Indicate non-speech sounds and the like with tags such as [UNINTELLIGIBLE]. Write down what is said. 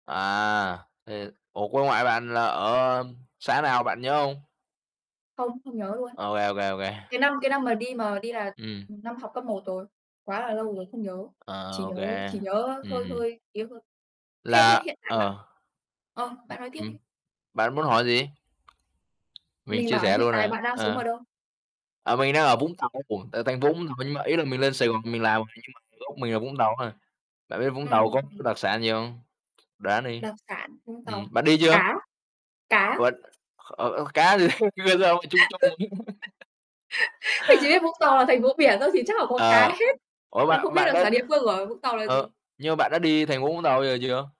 À, ủa, quê ngoại bạn là ở xã nào bạn nhớ hông? Không, không nhớ luôn. OK, OK, OK. Cái năm cái năm mà đi mà đi là, Ừm. ừm, năm học cấp 1 rồi, quá là lâu rồi, không nhớ, Ờ, chỉ nhớ OK, chỉ nhớ ừm, hơi ừm. hơi. [UNINTELLIGIBLE] Thế thế Là hiện tại bạn ờ, ờ, bạn nói tiếp đi. ừm. Bạn muốn hỏi gì? Mình Mình chia bảo là sẻ hiện luôn tại à? bạn đang sống Ờ. ở đâu? Ờ, mình đang ở Vũng Tàu, [UNINTELLIGIBLE] tại thành phố Vũng Tàu, nhưng mà ý là mình lên Sài Gòn mình làm nhưng mà gốc mình ở Vũng Tàu ha, bạn biết Vũng Tàu Ừm có [UNINTELLIGIBLE] [UNINTELLIGIBLE] đặc sản gì hông? Đoán đi. Đặc sản Vũng Ừm, Tàu, bạn đi chưa? cá, cá. [UNINTELLIGIBLE] Kh ờ, cá thì [LAUGHS] kêu sao mà chung [UNINTELLIGIBLE] [LAUGHS] [LAUGHS] Mình chỉ biết Vũng Tàu là thành phố biển thôi thì chắc là có cá Ờ, hết, ủa thì không bạn biết bạn đặc đến sản địa phương ở Vũng Tàu là ờ, gì? nhưng mà bạn đã đi thành phố Vũng Tàu bao giờ chưa?